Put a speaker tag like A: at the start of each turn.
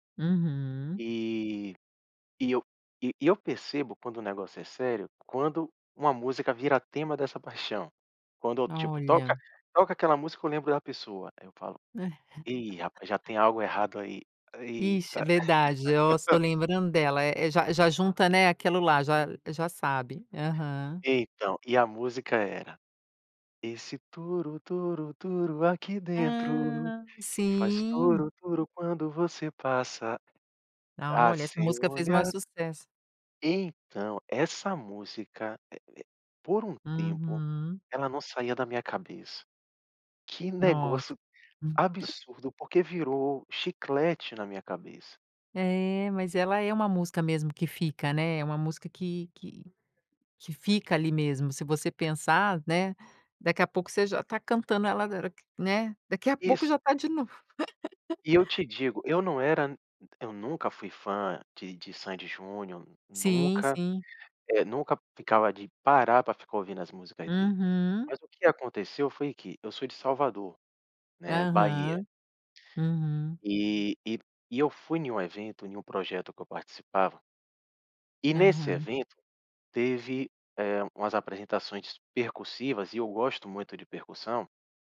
A: Uhum.
B: E e eu e eu percebo quando o negócio é sério, quando uma música vira tema dessa paixão. Quando, tipo, toca
A: Olha.
B: toca aquela música eu lembro da pessoa, aí eu falo:
A: Né.
B: "E rapaz, já tem algo errado aí."
A: Ixi,
B: Eita.
A: verdade, nossa, tô lembrando dela, eh eh, já já junta, né, aquilo lá, já já sabe. Aham.
B: Então, e a música era: Esse turu turu turu aqui dentro,
A: Ah,
B: que faz
A: sim.
B: turu turu quando você passa.
A: Ah
B: Ah, o
A: olha, essa
B: seu
A: música fez o maior
B: olhar
A: sucesso.
B: Então, essa música eh eh por um tempo,
A: Uhum.
B: ela não saía da minha cabeça. Que
A: Nossa.
B: negócio
A: Uhum.
B: absurdo porque virou chiclete na minha cabeça.
A: É, mas ela é uma música mesmo que fica, né. É uma música que que que fica ali mesmo se você pensar, né. Daqui a pouco você já tá cantando ela agora que, né daqui a pouco
B: Isso.
A: já tá de novo.
B: E eu te digo, eu não era eu nunca fui fã de de Sandy e Júnior.
A: Sim,
B: Nunca,
A: sim.
B: eh, nunca ficava de parar pra ficar ouvindo as músicas deles,
A: Uhum.
B: mas o que aconteceu foi que, eu sou de Salvador, né, Bahia
A: Aham, uhum.
B: E e e eu fui em um evento, em um projeto que eu participava e nesse
A: Aham.
B: evento teve, eh, umas apresentações percussivas e eu gosto muito de percussão.